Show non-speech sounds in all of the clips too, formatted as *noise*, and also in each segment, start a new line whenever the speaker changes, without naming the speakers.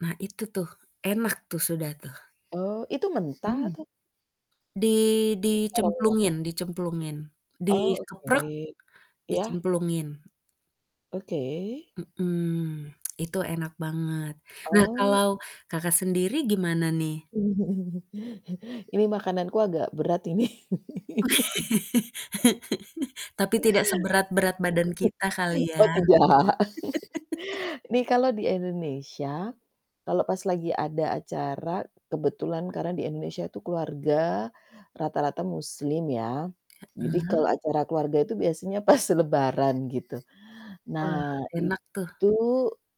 Nah, itu tuh enak tuh, sudah tuh.
Oh, itu mentah
Mmm.
atau
Di
Harum ya.
dicemplungin dicemplungin,
Oh
dikeprek
oke. Iya.
dicemplungin.
Oke.
Mhm, itu enak banget. Nah
Oh.
kalau Kakak sendiri gimana nih?
*chuckles* Ini makananku agak berat ini. *laughs*
*laughs* Tapi tidak seberat-berat badan kita
*chuckles*
kali ya?
Oh tidak.
*laughs*
*chuckles* Nih kalau di Indonesia kalau pas lagi ada acara kebetulan karena di Indonesia itu keluarga rata-rata muslim ya jadi
Heeh.
kalau acara keluarga itu biasanya pas lebaran gitu.
Wah
Nah
enak tuh.
itu,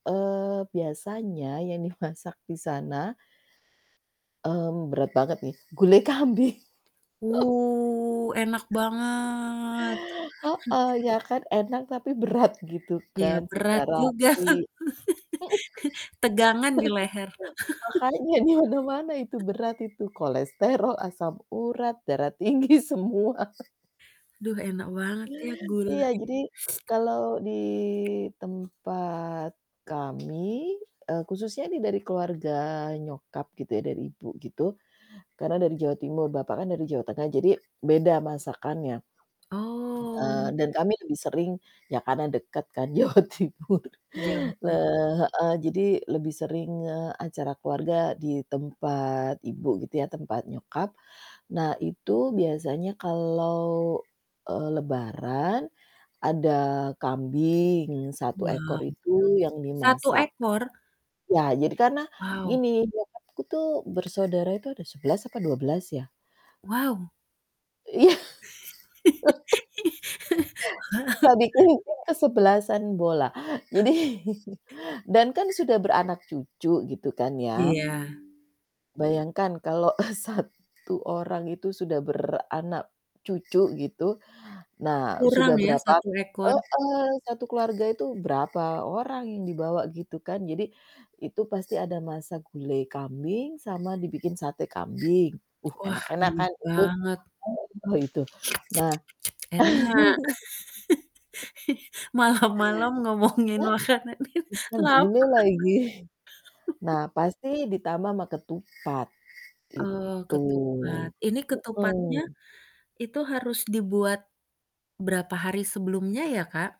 eee, biasanya yang dimasak di sana, mmm, berat banget nih, gulai kambing. *chuckles*
Wuh, enak banget.
Heeh,
*chuckles*
ya kan enak tapi berat gitu
Ya
kan
berat
secara
juga.
sih.
*laughs* Tegangan di leher.
*laughs* Makanya di mana-mana itu
*laughs*
berat itu kolesterol, asam urat, darah tinggi, semua.
Duh, enak banget ya
Iya
gulai.
jadi kalau di tempat kami, eee, khususnya ini dari keluarga nyokap gitu ya dari ibu gitu karena dari Jawa Timur, bapak kan dari Jawa Tengah jadi beda masakannya. Eee,
Oh.
dan kami lebih sering ya karena dekat kan Jawa Timur.
Jawa Teng
Heeh, jadi lebih sering, eee, acara keluarga di tempat ibu gitu ya, tempat nyokap. Nah itu biasanya kalau, eee, lebaran ada kambing 1 ekor
Wow,
itu yang
1
dimasak.
ekor?
Ya jadi karena
Wow.
gini nyokapku tuh bersaudara itu ada 11 atau 12 ya?
Wow.
Iya.
*laughs*
*laughs* Bisa
Wow.
bikin kesebelasan bola jadi,
*chuckles*
*chuckles* dan kan sudah beranak cucu gitu kan ya.
Iya.
Bayangkan kalau, eee, 1 orang itu sudah beranak cucu gitu, nah
Kurang
sudah
ya
berapa
1 ekor.
heeh, satu keluarga itu berapa orang yang dibawa gitu kan jadi itu pasti ada masa gulai kambing sama dibikin sate kambing. Uh
Wah
enak-enak
ini
kan itu
banget.
oh itu. Nah. *laughs*
Enak *laughs* Malam-malam ngomongin
Ya,
makanan ini
menggulai
laper
lagi.
*laughs*
Nah, pasti ditambah ama ketupat
Eee,
gitu,
ketupat ini ketupatnya
heeh.
itu harus dibuat berapa hari sebelumnya ya Kak?